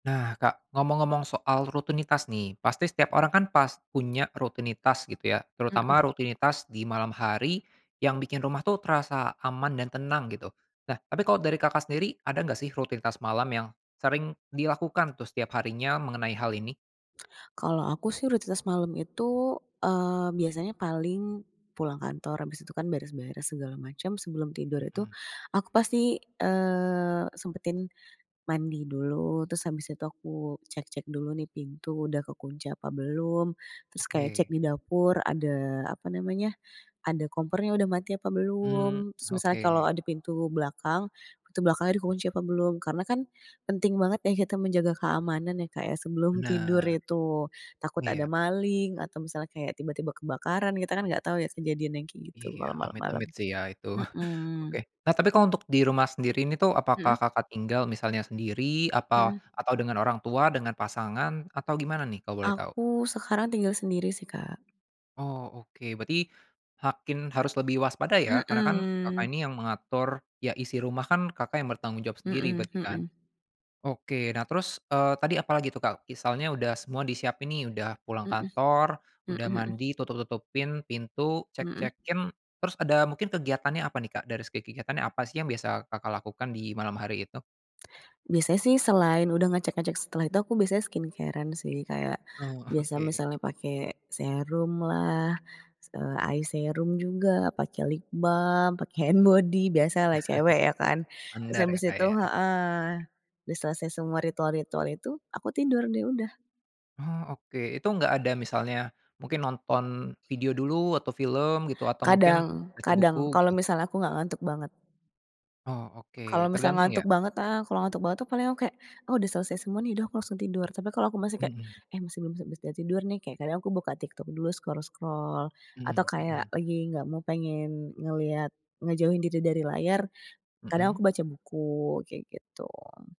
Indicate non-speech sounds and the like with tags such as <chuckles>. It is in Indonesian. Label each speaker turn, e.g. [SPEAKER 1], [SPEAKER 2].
[SPEAKER 1] Nah Kak, ngomong-ngomong soal rutinitas nih, pasti setiap orang kan pas punya rutinitas gitu ya. Terutama
[SPEAKER 2] Mhm.
[SPEAKER 1] rutinitas di malam hari, yang bikin rumah tuh terasa aman dan tenang gitu. Nah, tapi kalau dari Kakak sendiri ada nggak sih rutinitas malam yang sering dilakukan tuh setiap harinya mengenai hal ini?
[SPEAKER 2] Kalau aku sih rutinitas malem itu, eee, biasanya paling pulang kantor, abis itu kan beres-beres segala macem, sebelum tidur itu
[SPEAKER 1] Mhm.
[SPEAKER 2] aku pasti, eee, sempetin mandi dulu, terus habis itu aku cek-cek dulu nih pintu udah kekunci apa belum. Terus kayak cek
[SPEAKER 1] Oke.
[SPEAKER 2] di dapur ada, apa namanya, ada kompor yang udah mati apa
[SPEAKER 1] Mmm,
[SPEAKER 2] belum? Terus misalnya kalau
[SPEAKER 1] oke.
[SPEAKER 2] ada pintu belakang, pintu belakangnya dikunci apa belum? Karena kan penting banget ya kita menjaga keamanan ya Kak ya, sebelum tidur
[SPEAKER 1] Benar.
[SPEAKER 2] itu. Takut ada
[SPEAKER 1] Iya.
[SPEAKER 2] maling atau misalnya kayak tiba-tiba kebakaran, kita kan nggak tau ya kejadian yang kayak gitu
[SPEAKER 1] Iya,
[SPEAKER 2] kalau malem-malem.
[SPEAKER 1] amit-amit sih ya itu.
[SPEAKER 2] Mhm.
[SPEAKER 1] Oke. Nah, tapi kalau untuk di rumah sendiri ini tuh apakah
[SPEAKER 2] Mhm.
[SPEAKER 1] Kakak tinggal misalnya sendiri, apa
[SPEAKER 2] Mmm.
[SPEAKER 1] atau dengan orang tua, dengan pasangan, atau gimana nih kalau boleh tahu?
[SPEAKER 2] Aku sekarang tinggal sendiri sih Kak.
[SPEAKER 1] Oh oke, berarti makin harus lebih waspada ya, karena kan Kakak
[SPEAKER 2] Mhm.
[SPEAKER 1] ini yang mengatur, ya isi rumah kan Kakak yang bertanggung jawab sendiri
[SPEAKER 2] Mhm
[SPEAKER 1] berarti kan?
[SPEAKER 2] mhm.
[SPEAKER 1] Oke, nah terus, eee, tadi apalagi tuh Kak, misalnya udah semua disiapin nih, udah pulang
[SPEAKER 2] Mhm.
[SPEAKER 1] kantor,
[SPEAKER 2] Mhm
[SPEAKER 1] udah
[SPEAKER 2] mhm.
[SPEAKER 1] mandi, tutup-tutupin pintu,
[SPEAKER 2] Mhm.
[SPEAKER 1] cek-cekin, terus ada mungkin kegiatannya apa nih Kak, dari segi kegiatannya, apa sih yang biasa Kakak lakukan di malam hari itu?
[SPEAKER 2] Biasanya sih selain udah ngecek-ngecek, setelah itu aku biasanya skincare-an sih, kayak
[SPEAKER 1] Oh,
[SPEAKER 2] biasa
[SPEAKER 1] oke.
[SPEAKER 2] misalnya pakai serum lah, se eye serum juga, pakai lip balm, pakai hand
[SPEAKER 1] <chuckles>
[SPEAKER 2] body, biasalah cewek ya kan. Terus
[SPEAKER 1] Andar ya
[SPEAKER 2] habis
[SPEAKER 1] Kak
[SPEAKER 2] itu
[SPEAKER 1] ya.
[SPEAKER 2] heeh. Udah selesai semua ritual-ritual itu, aku tidur deh, udah.
[SPEAKER 1] Oh oke, itu enggak ada misalnya mungkin nonton video dulu atau film gitu atau mungkin
[SPEAKER 2] Kadang
[SPEAKER 1] baca buku,
[SPEAKER 2] kadang, kalau
[SPEAKER 1] gitu?
[SPEAKER 2] misalnya aku nggak ngantuk banget.
[SPEAKER 1] Oh
[SPEAKER 2] Kalau
[SPEAKER 1] oke,
[SPEAKER 2] misalnya
[SPEAKER 1] tergantung ya?
[SPEAKER 2] ngantuk banget, ah, kalau ngantuk banget tuh paling aku kayak, oh udah selesai semua nih, udah aku langsung tidur. Tapi kalau aku masih kayak,
[SPEAKER 1] Mhm.
[SPEAKER 2] eh masih belum bisa bisa tidur nih, kayak kadang aku buka TikTok dulu, scroll-scroll. Atau
[SPEAKER 1] Mhm
[SPEAKER 2] kayak
[SPEAKER 1] mhm.
[SPEAKER 2] lagi nggak mau pengen, ngelihat ngejauhin diri dari layar, kadang aku
[SPEAKER 1] Mhm?
[SPEAKER 2] baca buku, kayak gitu.